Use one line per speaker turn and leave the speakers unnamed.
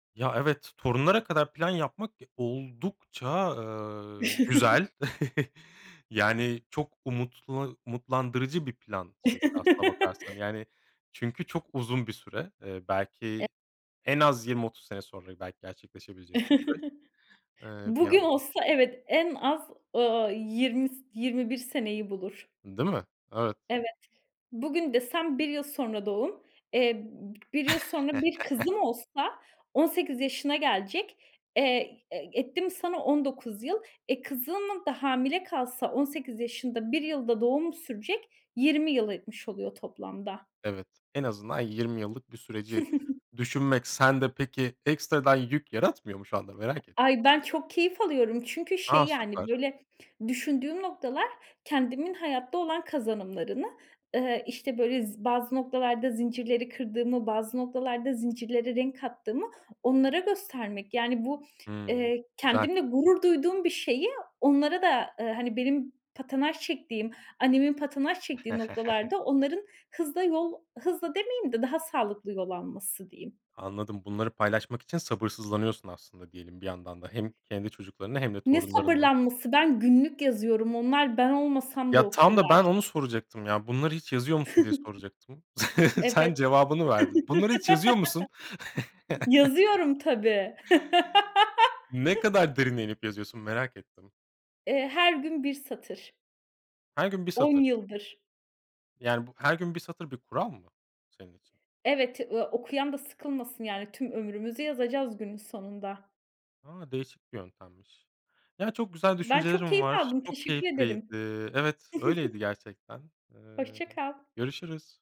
Ya evet, torunlara kadar plan yapmak ge oldukça, eee, güzel. Yani çok umutla umutlandırıcı 1 plan şey aslına bakarsan. Yani çünkü çok uzun bir süre, eee,
E
belki en az 20-30 sene sonra belki gerçekleşebilecek bir süreç ,eee, bir
Bugün
yandan.
olsa evet en az ,ııı, 20 s 21 seneyi bulur.
Değil mi? Evet.
Evet. Bugün desem 1 yıl sonra doğum. Eee, b 1 yıl sonra 1 kızım olsa 18 yaşına gelecek. Eee, e etti mi sana 19 yıl. E, kızım da hamile kalsa 18 yaşında, 1 yıl da doğumu sürecek. 20 yıl etmiş oluyor toplamda.
Evet. En azından 20 yıllık bir süreci düşünmek, sende peki ekstradan yük yaratmıyor mu şu anda? Merak ettim.
Ay ben çok keyif alıyorum çünkü, şey
A!
yani,
Süper.
böyle, düşündüğüm noktalar kendimin hayatta olan kazanımlarını, ııı, işte böyle z bazı noktalarda zincirleri kırdığımı, bazı noktalarda zincirlere renk kattığımı onlara göstermek. Yani bu,
Hımm,
eee,
güzel.
kendimle gurur duyduğum bir şeyi onlara da, ııı, hani, benim patinaj çektiğim, annemin patinaj çektiği noktalarda onların hızla yol hızla demeyeyim de daha sağlıklı yol alması diyeyim.
Anladım bunları paylaşmak için sabırsızlanıyorsun aslında, diyelim, bir yandan da, hem kendi çocuklarınla hem de
Ne
torunlarınla.
sabırlanması? Ben günlük yazıyorum, onlar ben olmasam da
Ya tam da ben
okurlar.
onu soracaktım, ya bunları hiç yazıyor musun diye soracaktım. Sen
Evet.
cevabını verdin. Bunları hiç yazıyor musun?
Yazıyorum tabii.
Ne kadar derine inip yazıyorsun? Merak ettim.
Eee, her gün 1 satır.
Her gün 1
10
satır.
yıldır.
Yani bu her gün 1 satır bir kural mı senin için?
Evet. Iıı, okuyan da sıkılmasın yani, tüm ömrümüzü yazacağız günün sonunda.
A, değişik bir yöntemmiş. Ya çok güzel
Ben çok
düşüncelerin
keyif
var.
aldım,
Çok
teşekkür
keyifliydi.
ederim.
Evet öyleydi gerçekten. Eee,
Hoşça kal.
görüşürüz.